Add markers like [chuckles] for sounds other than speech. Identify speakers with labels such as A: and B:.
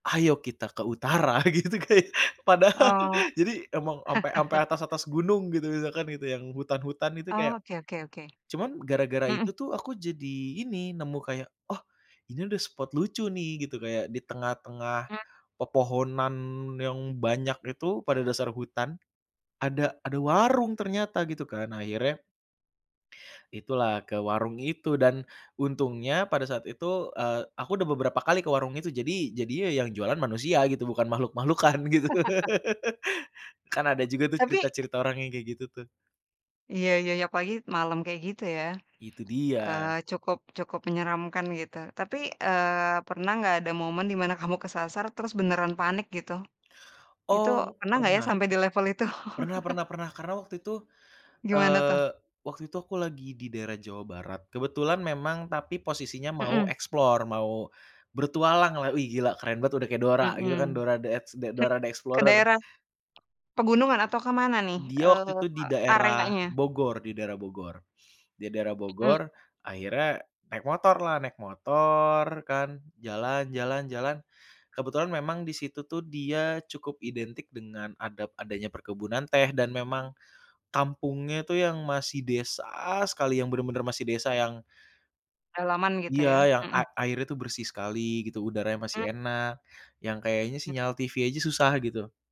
A: Ayo kita ke utara gitu, kayak padahal,
B: Oh.
A: jadi emang ampe-ampe
B: [chuckles]
A: atas-atas atas gunung gitu, misalkan gitu yang hutan-hutan itu
B: Oh,
A: kayak
B: oke oke oke.
A: cuman [smacks lips] gara-gara itu
B: Mhm.
A: tuh aku jadi ini, nemu kayak, "Oh, ini ada spot lucu nih, gitu kayak, di tengah-tengah
B: Mmm.
A: pepohonan yang banyak itu, pada dasar hutan, ada ada warung" ternyata gitu kan, nah akhirnya Itulah ke warung itu. Dan untungnya pada saat itu, eee, aku udah beberapa kali ke warung itu, jadi jadinya yang jualan manusia gitu bukan makhluk-makhluk kan gitu.
B: [laughs]
A: [laughs] Kan ada juga tuh
B: Tapi
A: cerita-cerita orang yang kayak gitu tuh.
B: Iya iya iya, apalagi malam kayak gitu ya.
A: Itu dia.
B: Eee, cukup cukup menyeramkan gitu tapi, eee, pernah nggak, ada momen di mana kamu kesasar, terus beneran panik gitu? Itu
A: Oh,
B: pernah nggak ya
A: pernah.
B: sampai di level itu?
A: Pernah pernah pernah, karena waktu itu,
B: Gimana tuh?
A: eee, waktu itu aku lagi di daerah Jawa Barat. Kebetulan memang tapi posisinya mau
B: Hmm.
A: explore, mau bertualang lah, "Wih gila keren banget udah kayak Dora" gitu kan.
B: Hmm.
A: Dora The Ex
B: Ke
A: Dora The
B: ke
A: Explorer.
B: daerah, pegunungan, atau kemana nih,
A: Dia
B: eee,
A: waktu itu di daerah
B: areanya?
A: Bogor, di daerah Bogor. Di daerah
B: Hmm.
A: Bogor, akhirnya naik motorlah, naik motor kan, jalan, jalan, jalan, kebetulan memang di situ tuh dia cukup identik dengan ada adanya perkebunan teh, dan memang, kampungnya itu yang masih desa sekali, yang benar-benar masih desa yang
B: Halaman, gitu
A: Iya,
B: ya?
A: yang a
B: Hmm.
A: airnya itu bersih sekali gitu, udaranya masih
B: Mmm.
A: enak, yang kayaknya
B: Mmm.
A: sinyal TV aja susah gitu.